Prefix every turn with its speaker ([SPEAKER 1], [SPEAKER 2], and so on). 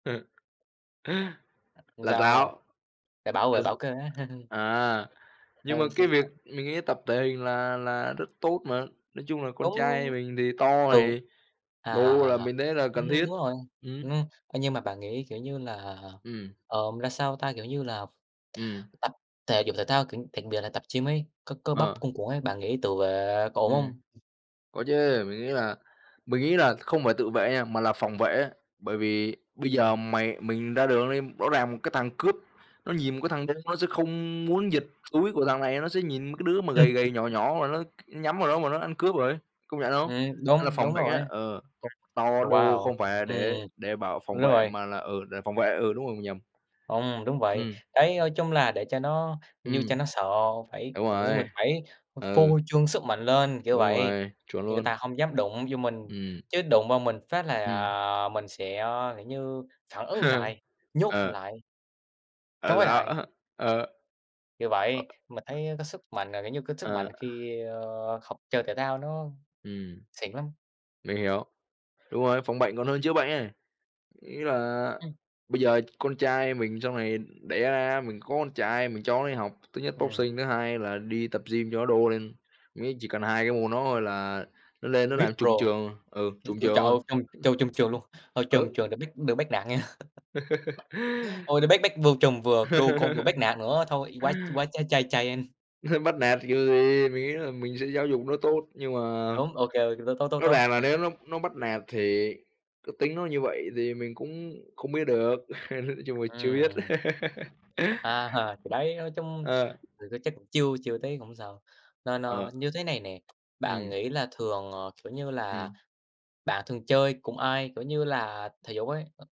[SPEAKER 1] Ừm.
[SPEAKER 2] Không
[SPEAKER 1] Là
[SPEAKER 2] sao.
[SPEAKER 1] sao?
[SPEAKER 2] Phải bảo vệ, bảo
[SPEAKER 1] [unintelligible]
[SPEAKER 2] kê.
[SPEAKER 1] À, nhưng mà
[SPEAKER 2] Ừ,
[SPEAKER 1] cái việc
[SPEAKER 2] [unintelligible]
[SPEAKER 1] mình nghĩ tập thể hình là là rất tốt mà. Nói chung là con
[SPEAKER 2] Đúng.
[SPEAKER 1] trai mình thì to,
[SPEAKER 2] Ừ.
[SPEAKER 1] thì
[SPEAKER 2] À, à,
[SPEAKER 1] đô
[SPEAKER 2] à,
[SPEAKER 1] là
[SPEAKER 2] à.
[SPEAKER 1] mình thấy là
[SPEAKER 2] Ưm,
[SPEAKER 1] cần
[SPEAKER 2] đúng
[SPEAKER 1] thiết.
[SPEAKER 2] rồi.
[SPEAKER 1] Ừm.
[SPEAKER 2] Ưm. Thế nhưng mà bạn nghĩ, kiểu như là,
[SPEAKER 1] Ừm.
[SPEAKER 2] ờ, mà la sao ta, kiểu như là,
[SPEAKER 1] Ừm.
[SPEAKER 2] tập thể dục thể thao, kiểu đặc biệt là tập gym ấy, có cơ bắp
[SPEAKER 1] Ờ.
[SPEAKER 2] cuồn cuộn ấy, bạn nghĩ tự vệ có ổn
[SPEAKER 1] Ừm.
[SPEAKER 2] không?
[SPEAKER 1] Có chứ. Mình nghĩ là mình nghĩ là không phải tự vệ nha, mà là phòng vệ á. Bởi vì bây giờ
[SPEAKER 2] Ừm.
[SPEAKER 1] mày mình ra đường đi rõ ràng một cái thằng cướp, nó nhìn một cái thằng đô nó sẽ không muốn giật túi của thằng này. Nó sẽ nhìn mấy cái đứa mà gầy gầy, nhỏ nhỏ mà nó nhắm vào đó mà nó ăn cướp rồi. Công nhận không?
[SPEAKER 2] Ừm,
[SPEAKER 1] Là
[SPEAKER 2] đúng, đúng
[SPEAKER 1] phòng bệnh á,
[SPEAKER 2] rồi ấy.
[SPEAKER 1] ờ, tập to đô
[SPEAKER 2] Wow!
[SPEAKER 1] không phải là để
[SPEAKER 2] Ừm.
[SPEAKER 1] để bảo
[SPEAKER 2] Đúng
[SPEAKER 1] phòng vệ
[SPEAKER 2] rồi.
[SPEAKER 1] mà là, ừ, để phòng vệ, ừ, đúng rồi mình nhầm.
[SPEAKER 2] Không, đúng vậy.
[SPEAKER 1] Ừm.
[SPEAKER 2] Đấy nói chung là để cho nó như cho
[SPEAKER 1] Ừm.
[SPEAKER 2] nó sợ phải
[SPEAKER 1] Đúng
[SPEAKER 2] kiểu như, mình
[SPEAKER 1] rồi.
[SPEAKER 2] phải ph
[SPEAKER 1] Ừ.
[SPEAKER 2] phô trương sức mạnh lên, kiểu
[SPEAKER 1] Đúng
[SPEAKER 2] vậy.
[SPEAKER 1] rồi. Chuẩn
[SPEAKER 2] Như người
[SPEAKER 1] luôn.
[SPEAKER 2] ta hông dám đụng vô mình.
[SPEAKER 1] Ừm.
[SPEAKER 2] Chứ đụng vào mình phát là,
[SPEAKER 1] Ừm.
[SPEAKER 2] ờ, mình sẽ, ơ, kiểu như, phản ứng lại. Nhốt
[SPEAKER 1] Ờ.
[SPEAKER 2] lại.
[SPEAKER 1] Ờ,
[SPEAKER 2] Trói
[SPEAKER 1] sao?
[SPEAKER 2] lại.
[SPEAKER 1] Ờ.
[SPEAKER 2] Vì vậy, mình thấy, ơ, cái sức mạnh là, kiểu như, cái sức
[SPEAKER 1] Ờ.
[SPEAKER 2] mạnh khi, ơ, học chơi thể thao nó
[SPEAKER 1] Ừm.
[SPEAKER 2] xịn lắm.
[SPEAKER 1] Mình hiểu. Đúng rồi, phòng bệnh còn hơn chữa bệnh ấy. Ý là
[SPEAKER 2] Ừm.
[SPEAKER 1] bây giờ con trai mình sau này đẻ ra mình có con trai mình cho nó đi học, thứ nhất
[SPEAKER 2] Ừm.
[SPEAKER 1] boxing, thứ hai là đi tập gym cho nó đô lên. Mấy chỉ cần 2 cái môn đó thôi là nó lên nó
[SPEAKER 2] Vip
[SPEAKER 1] làm
[SPEAKER 2] pro.
[SPEAKER 1] trùm trường, ừ,
[SPEAKER 2] Ừm,
[SPEAKER 1] trùm
[SPEAKER 2] ôi,
[SPEAKER 1] trường
[SPEAKER 2] trời ơi!
[SPEAKER 1] luôn. [unintelligible]
[SPEAKER 2] Trùm cho trùm trường luôn. Ờ, trùm
[SPEAKER 1] Ừ.
[SPEAKER 2] trường đừng bắt đừng bắt nạt nghe! Ôi, nó bắt bắt vừa trùm, vừa đô con, vừa bắt nạt nữa thôi, quá quá Ch Chai Chaien.
[SPEAKER 1] Bắt nạt kiểu gì? Mình nghĩ là mình sẽ giáo dục nó tốt. Nhưng mà
[SPEAKER 2] Đúng, ô kê, tốt, tốt, tốt,
[SPEAKER 1] rõ
[SPEAKER 2] tốt.
[SPEAKER 1] ràng là nếu nó nó bắt nạt thì cái tính nó như vậy, thì mình cũng không biết được. Nói chung là chưa biết.
[SPEAKER 2] Ừm. A hà. Thì đấy, nói chung
[SPEAKER 1] Ờ.
[SPEAKER 2] thì có chắc chưa chưa thấy, không sao. Nên, ơ,
[SPEAKER 1] Ờ.
[SPEAKER 2] như thế này nè, bạn
[SPEAKER 1] Ừm.
[SPEAKER 2] nghĩ là thường, ờ, kiểu như là,
[SPEAKER 1] Ừm.
[SPEAKER 2] bạn thường chơi cùng ai, kiểu như là, thể dục ấy?